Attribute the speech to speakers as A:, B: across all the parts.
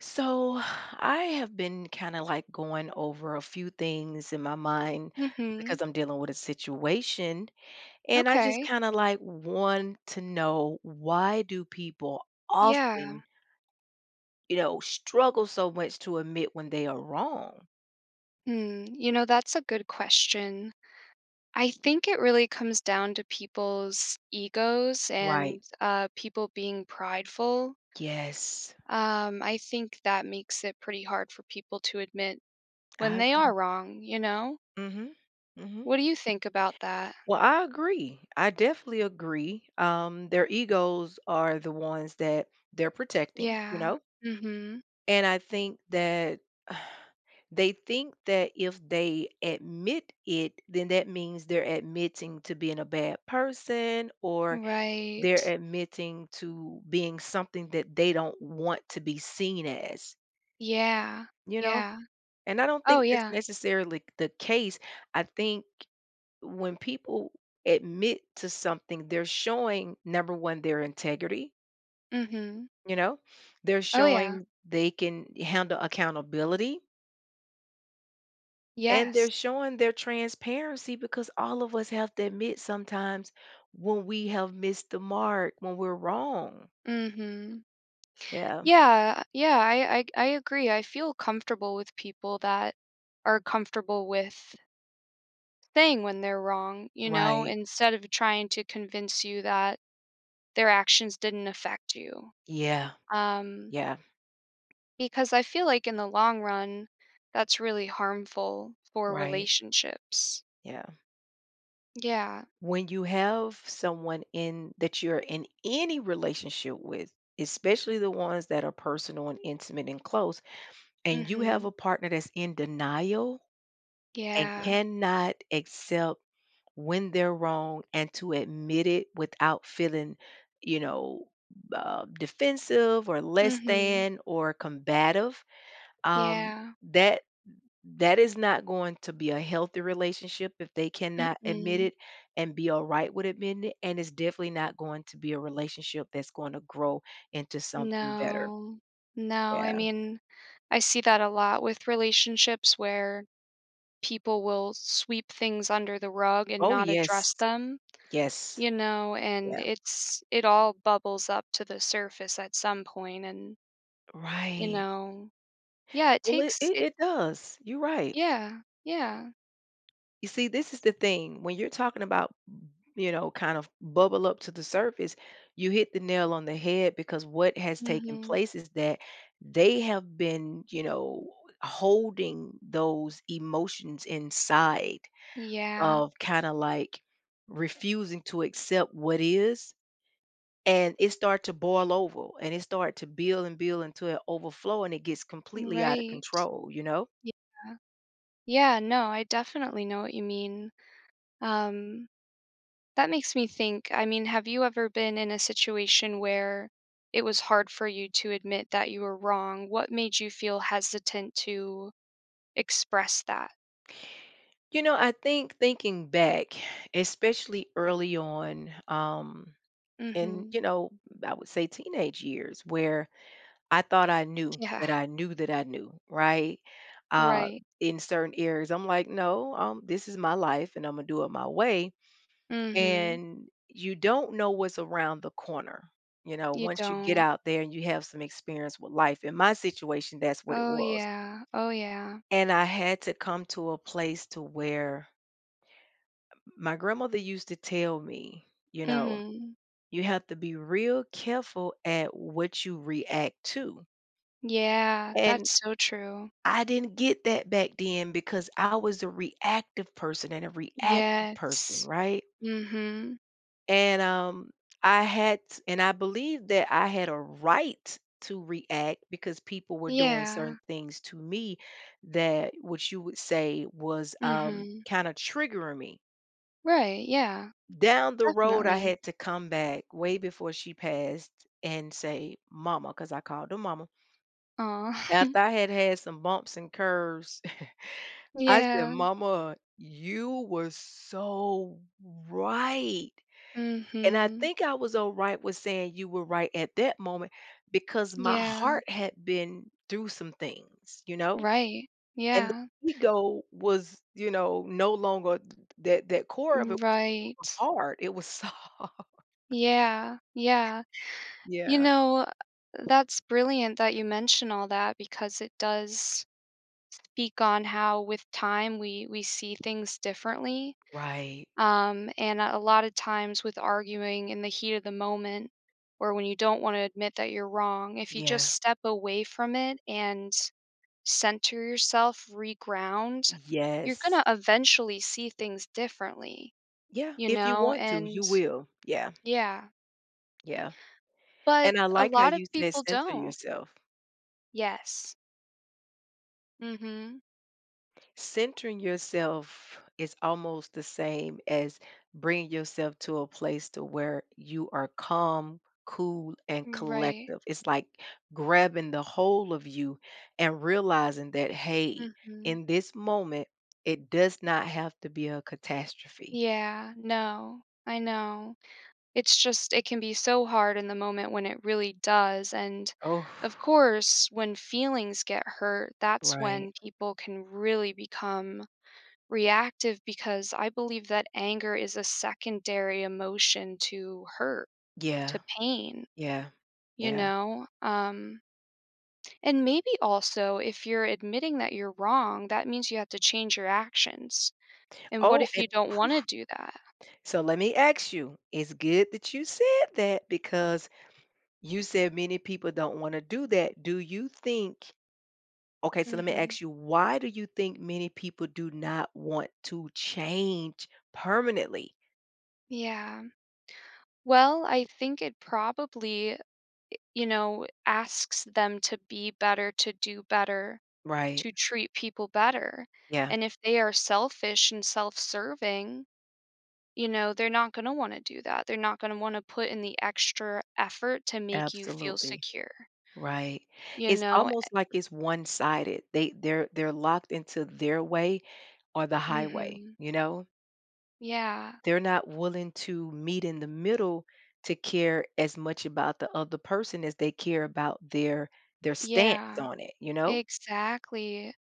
A: So, I have been kinda, like, goin' over a few things in my mind
B: Mhm.
A: because I'm dealin' with a situation. And I just
B: Okay.
A: kinda, like, want to know why do people
B: Yeah.
A: often you know, struggle so much to admit when they are wrong?
B: Hmm, you know, that's a good question. I think it really comes down to people's egos
A: Right.
B: and, uh, people being prideful
A: Yes.
B: um, I think that makes it pretty hard for people to admit when
A: I
B: they
A: agree.
B: are wrong, you know?
A: Mhm. Mhm.
B: What do you think about that?
A: Well, I agree. I definitely agree. Um, their egos are the ones that they're protecting, you
B: Yeah.
A: know?
B: Mhm.
A: And I think that they think that if they admit it, then that means they're admitting to being a bad person or they're
B: Right.
A: admitting to being something that they don't want to be seen as.
B: Yeah,
A: You know?
B: yeah.
A: And I don't
B: Oh,
A: think that's
B: yeah.
A: necessarily the case, I think when people admit to something, they're showing, number 1, their integrity
B: Mhm.
A: you know? They're
B: Oh yeah.
A: showing they can handle accountability and
B: Yes.
A: they're showing their transparency, because all of us have to admit sometimes when we have missed the mark, when we're wrong.
B: Mhm.
A: Yeah.
B: Yeah, yeah, I I I ag I agree, I feel comfortable with people that are comfortable with saying when they're wrong, you know,
A: Right.
B: instead of trying to convince you that their actions didn't affect you.
A: Yeah.
B: Um,
A: Yeah.
B: because I feel like in the long run, that's really harmful for
A: Right.
B: relationships.
A: Yeah.
B: Yeah.
A: When you have someone in that you're in any relationship with, especially the ones that are personal and intimate and close, and you have
B: Mhm.
A: a partner that's in denial, and
B: Yeah.
A: cannot accept when they're wrong and to admit it without feeling, you know, uh, defensive or less
B: Mhm.
A: than or combative, um,
B: Yeah.
A: that that is not going to be a healthy relationship if they cannot admit
B: Mm-mm.
A: it and be alright with admitting it, and it's definitely not going to be a relationship that's going to grow into something better.
B: No, no, I
A: Yeah.
B: mean, I see that a lot with relationships where people will sweep things under the rug and
A: Oh,
B: not
A: yes.
B: address them,
A: Yes.
B: you know, and
A: Yeah.
B: it's it all bubbles up to the surface at some point and you
A: Right.
B: know Yeah, it
A: Well, it
B: takes it
A: it does, you're right.
B: Yeah, yeah.
A: You see, this is the thing, when you're talking about, m you know, kind of bubble up to the surface you hit the nail on the head because what has taken
B: Mhm.
A: place is that they have been, you know, h holding those emotions inside
B: Yeah.
A: of kinda, like, refusing to accept what is and it start to boil over, and it start to build, and build until it overflow, and it gets
B: M
A: completely out of
B: right,
A: control, you know.
B: yeah yeah, no, I definitely know what you mean, um, that makes me think, I mean, have you ever been in a situation where it was hard for you to admit that you were wrong? What made you feel hesitant to express that?
A: You know, I think thinking back, especially early on, um, in
B: Mhm.
A: you know, I would say teenage years where I thought I knew,
B: Yeah.
A: that I knew, that I knew, right, uh,
B: Right.
A: in certain areas, I'm like, "No, um, this is my life, and Imma do it my way,"
B: Mhm.
A: and you don't know what's around the corner, you know,
B: You
A: once you get
B: don't.
A: out there and you have some experience with life. In my situation, that's what it
B: Oh,
A: was.
B: yeah oh, yeah.
A: And I had to come to a place to where Um, my grandmother used to tell me, you know,
B: Mhm.
A: "You have to be real careful at what you react to."
B: Yeah,
A: And,
B: that's so true.
A: I didn't get that back then because I was a reactive person and a reactive person,
B: Yes.
A: right?
B: Mhm.
A: And, um, I had t and I believe that I had a right to react because people were doing
B: Yeah.
A: certain things to me that which you would say was, um,
B: Mhm.
A: kinda triggering me.
B: Right, yeah.
A: Down the road, I
B: Definitely.
A: had to come back way before she passed and say, "Mama," 'cause I called her mama.
B: Aw.
A: After I had had some bumps and curves, I said,
B: Yeah.
A: "Mama, you were so right," and I
B: Mhm.
A: think I was alright with saying you were right at that moment, because my
B: Yeah.
A: heart had been through some things, you know?
B: Right.
A: And the
B: Yeah.
A: ego was, you know, no longer t t that that core of it wasn't
B: Right.
A: so hard, it was so
B: Yeah. Yeah. You
A: Yeah.
B: know, uh, that's brilliant that you mentioned all that because it does speak on how with time we we see things differently,
A: Right.
B: um, and at a lot of times with arguing in the heat of the moment, or when you don't wanna admit that you're wrong, if you just
A: Yeah.
B: step away from it and center yourself, reground, you're
A: Yes.
B: gonna eventually see things differently,
A: Yeah,
B: you
A: if you
B: know,
A: want to,
B: and
A: you will. Yeah.
B: Yeah.
A: Yeah,
B: But,
A: and I
B: a
A: like how
B: lot of
A: you said,
B: people
A: "Center
B: don't.
A: yourself."
B: Yes. Mhm.
A: Centering yourself is almost the same as bringing yourself to a place to where you are calm, cool, and
B: Mm, right.
A: collective. It's like grabbin' the whole of you and realizin' that, "Hey,
B: Mhm.
A: in this moment, it does not have to be a catastrophe."
B: Yeah. No. I know. It's just it can be so hard in the moment when it really does, and,
A: Oof.
B: of course, when feelings get hurt, that's when
A: Right.
B: people can really become reactive, because I believe that anger is a secondary emotion to hurt,
A: Yeah.
B: to pain.
A: Yeah.
B: You
A: Yeah.
B: know? Um and maybe also if you're admitting that you're wrong, that means you have to change your actions, and what
A: Oh,
B: if
A: and,
B: you don't
A: oof.
B: wanna do that?
A: So let me ask you. It's good that you said that, because you said many people don't wanna do that. Do you think okay, so let me
B: Mhm.
A: ask you, why do you think many people do not want to change permanently?
B: Yeah. Well, I think it probably i you know, asks them to be better, to do better,
A: Right.
B: to treat people better,
A: Yeah.
B: and if they are selfish and self serving, you know, they're not gonna wanna do that, they're not gonna wanna put in the extra effort to make you feel
A: Absolutely.
B: secure
A: Right.
B: you
A: It's
B: know, a
A: almost like it's one-sided. They they're they're locked into their way or the highway,
B: Mhm.
A: you know?
B: Yeah.
A: They're not willing to meet in the middle to care as much about the other person as they care about their their
B: Yeah.
A: stance on it, you know?
B: Exactly.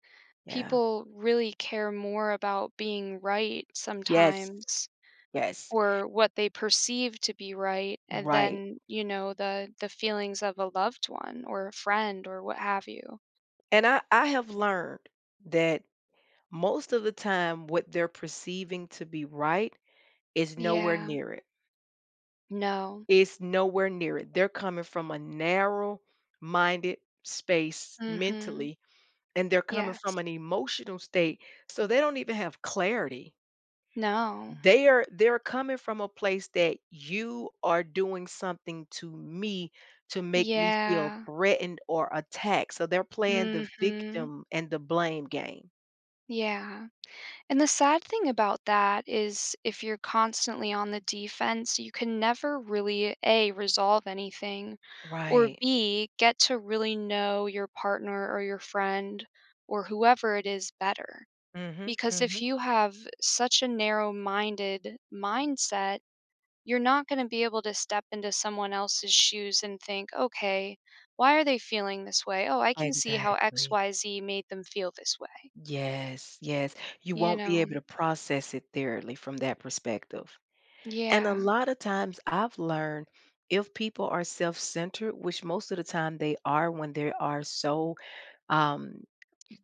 A: Yeah.
B: People really care more about being right
A: Yes.
B: sometimes
A: Yes
B: or what they perceive to be right, a
A: Right.
B: than, you know, the the feelings of a loved one or a
A: Yeah.
B: friend or what have you.
A: And I I have learned that most of the time what they're perceiving to be right is nowhere
B: Yeah.
A: near it.
B: No.
A: It's nowhere near it; they're coming from a narrow-minded space
B: Mhm.
A: mentally, and they're coming
B: Yes.
A: from an emotional state, so they don't even have clarity.
B: No.
A: They are they're coming from a place that "you are doing something to me to make me feel
B: Yeah.
A: threatened or attacked," so they're playing the
B: Mhm.
A: victim and the blame game.
B: Yeah, and the sad thing about that is if you're constantly on the defense, you can never really, A, resolve anything, or,
A: Right.
B: B, get to really know your partner, or your friend, or whoever it is, better,
A: Mhm,
B: because if
A: mhm.
B: you have such a narrow-minded mindset, you're not gonna be able to step into someone else's shoes and think, "Okay, why are they feeling this way? Oh, I can see how X,
A: Exactly.
B: Y, Z, made them feel this way.”
A: Yes, yes, you
B: You
A: won't be able
B: know?
A: to process it thoroughly from that perspective, and a
B: Yeah.
A: lotta times I've learned if people are self-centered, which most of the time they are when there are so um,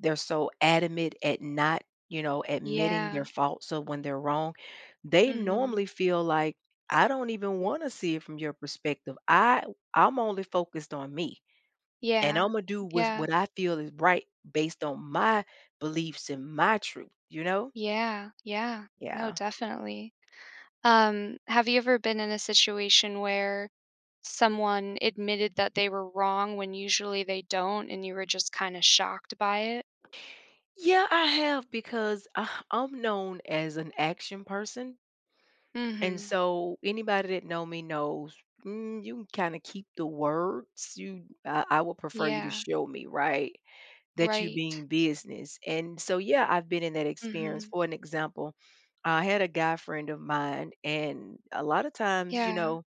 A: they're so adamant at not, you know, admitting their
B: Yeah.
A: faults, so when they're wrong, they
B: Mhm.
A: normally feel, like, “I don't even wanna see it from your perspective, I w I'm only focused on me, and
B: Yeah,
A: Imma do with
B: yeah.
A: what I feel is right based on my beliefs and my truth,” you know?
B: Yeah, yeah, no,
A: Yeah.
B: definitely. Um, have you ever been in a situation where, someone admitted that they were wrong when usually they don't and you were just kinda shocked by it?
A: Yeah, I have because I'm known as an action person. And
B: Mhm.
A: so, anybody that know me knows, mm, you can kinda keep the words, you uh, I would prefer you to
B: Yeah.
A: show me, right, that you
B: Right.
A: being business, and so, yeah, I've been in that experience,
B: Mhm.
A: for an example, I had a guy friend of mine, and a lotta times, you
B: Yeah.
A: know,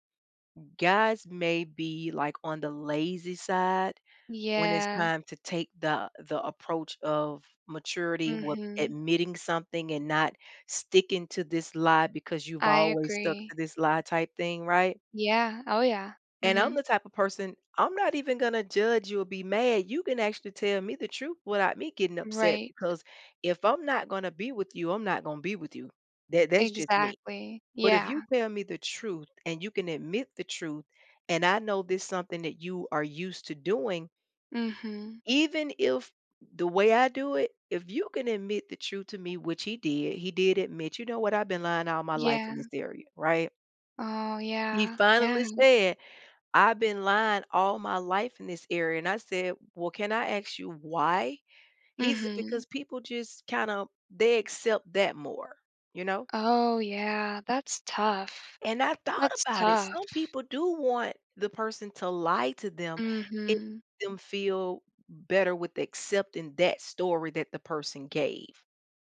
A: guys may be, like, on the lazy side when it's
B: Yeah.
A: time to take the the approach of maturity with
B: Mhm.
A: admitting something and not sticking to this lie because you've
B: I
A: always stuck
B: agree.
A: to this lie type thing, right?
B: Yeah. Oh, yeah.
A: And I'm
B: Mhm.
A: the type of person I'm not even gonna judge you or be mad, you can actually tell me the truth without me getting upset
B: Right.
A: because if I'm not gonna be with you, I'm not gon' be with you. That that's just me,
B: Exactly.
A: but if you
B: Yeah.
A: tell me the truth and you can admit the truth, and I know this something that you are used to doing
B: Mhm.
A: even if the way I do it, if you can admit the truth to me, which he did, he did admit, "You know what, I've been lying all my life in this
B: Yeah.
A: area," right?
B: Oh,
A: He
B: yeah, yeah.
A: finally said, "I've been lying all my life in this area." And I said, "Well, can I ask you why?" He's
B: Mhm.
A: because people just kinda they accept that more, you know?
B: Oh, yeah, that's tough,
A: And I thought
B: that's
A: about it,
B: tough.
A: some people do want the person to lie to them, it
B: Mhm.
A: [unintelligible] them feel better with accepting that story that the person gave.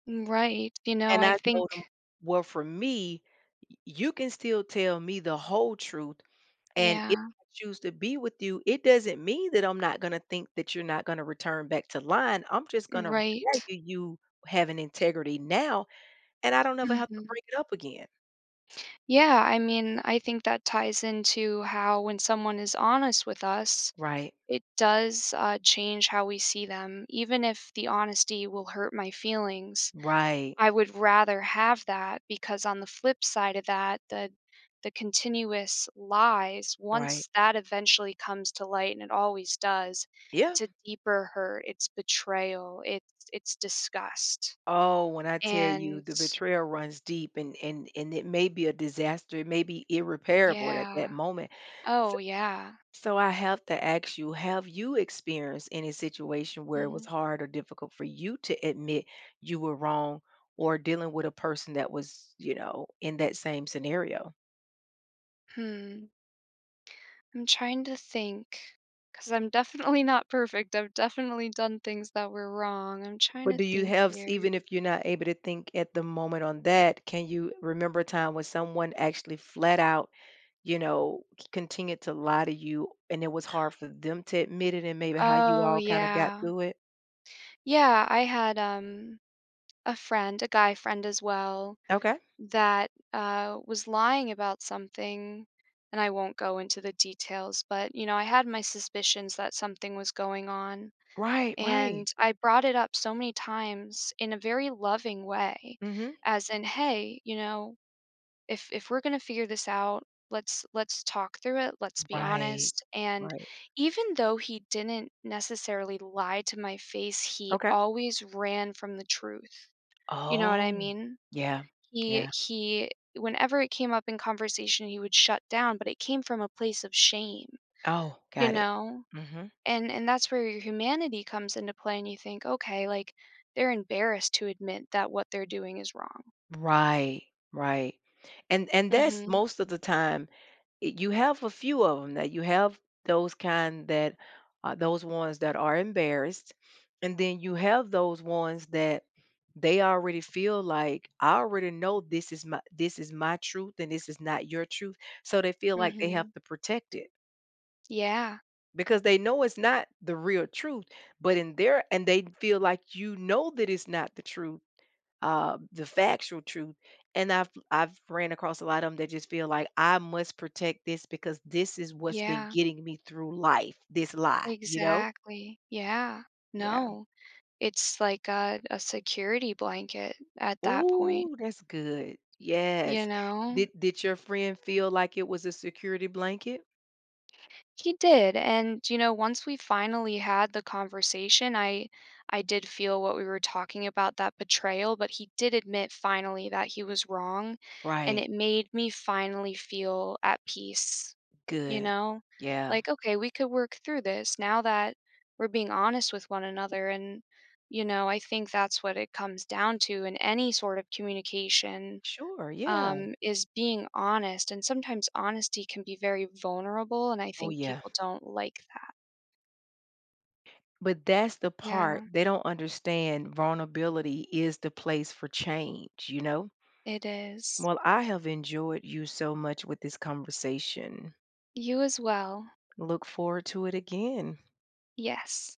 B: Mm, right, you know,
A: And
B: I
A: I told him,
B: think
A: "Well, for me, y you can still tell me the whole truth, and if
B: Yeah.
A: I choose to be with you, it doesn't mean that I'm not gonna think that you're not gonna return back to lying, I'm just gonna
B: Right.
A: value you for having integrity now, and I don't ever have to
B: Mhm.
A: bring it up again."
B: Yeah, I mean I think that ties into how when someone is honest with us,
A: Right.
B: it does, uh, change how we see them. Even if the honesty will hurt my feelings,
A: Right.
B: I would rather have that, because on the flip side of that, the the continuous lies
A: Right.
B: once that eventually comes to light and it always does,
A: Yeah.
B: it's a deeper hurt, it's betrayal, it's it's disgust.
A: Oh, when I tell you
B: And
A: the betrayal runs deep and and and it may be a disaster, it may be irreparable at that
B: Yeah,
A: moment. S
B: oh, yeah.
A: so, I have to ask you, have you experienced any situation where it was
B: Mhm.
A: hard, or difficult, for you to admit you were wrong, or dealing with a person that was, you know, in that same scenario?
B: Hmm. I'm trying to think, 'cause I'm definitely not perfect. I've definitely done things that were wrong. I'm trying to
A: But, do you
B: think
A: have s
B: here.
A: even if you're not able to think at the moment on that, can you remember a time when someone actually flat out, you know, c continued to lie to you, and it was hard for them to admit it and maybe how you
B: Oh,
A: all kinda got
B: yeah.
A: through it?
B: Yeah, I had, um, a friend a guy friend as well
A: Okay.
B: that, uh, was lying about something, and I won't go into the details, but, you know, I had my suspicions that something was going on,
A: Right, right.
B: and I brought it up so many times in a very loving way,
A: Mhm.
B: as in, "Hey, you know, if if we're gonna figure this out, let's let's talk through it, let's be
A: Right,
B: honest," and
A: right.
B: even though he didn't necessarily lie to my face, he
A: Okay.
B: always ran from the truth, you know what? I
A: Oh
B: mean,
A: yeah,
B: he
A: yeah.
B: he whenever it came up in conversation, he would shut down, but it came from a place of shame,
A: Oh,
B: you
A: got it,
B: know,
A: mhm.
B: and and that's where your humanity comes into play, and you think, "Okay, like, they're embarrassed to admit that what they're doing is wrong."
A: Right, right, and and that's,
B: Mhm.
A: most of the time eh, you have a few of 'em that you have those kind that uh, those ones that are embarrassed, and then you have those ones that they already feel like, "I already know this is my this is my truth, and this is not your truth," so, they feel like they have
B: Mhm.
A: to protect it
B: Yeah.
A: because they know it's not the real truth, but in their and they feel like you know that it's not the truth, uh, the factual truth, and I've I've ran across a lot of 'em, that just feel like, "I must protect this because this is what's been
B: Yeah.
A: getting me through life, this lie," you know?
B: Exactly, yeah.
A: Yeah.
B: No, it's like a a security blanket at that point.
A: Ooh, that's good,
B: You
A: yes.
B: know?
A: Did did your friend feel like it was a security blanket?
B: He did, and, you know, once we finally had the conversation, I I did feel what we were talking about, that betrayal, but he did admit finally that he was wrong, and
A: Right.
B: it made me finally feel at peace, you
A: Good,
B: know?
A: yeah.
B: Like, "Okay, we could work through this now that we're being honest with one another, and" you know, I think that's what it comes down to in any sort of communication,
A: Sure, yeah.
B: um, is being honest, and sometimes honesty can be very vulnerable, and I
A: Oh,
B: think
A: yeah.
B: people don't like that.
A: But that's the part,
B: Yeah.
A: they don't understand vulnerability is the place for change, you know?
B: It is.
A: Well, I have enjoyed you so much with this conversation.
B: You as well.
A: Look forward to it again.
B: Yes.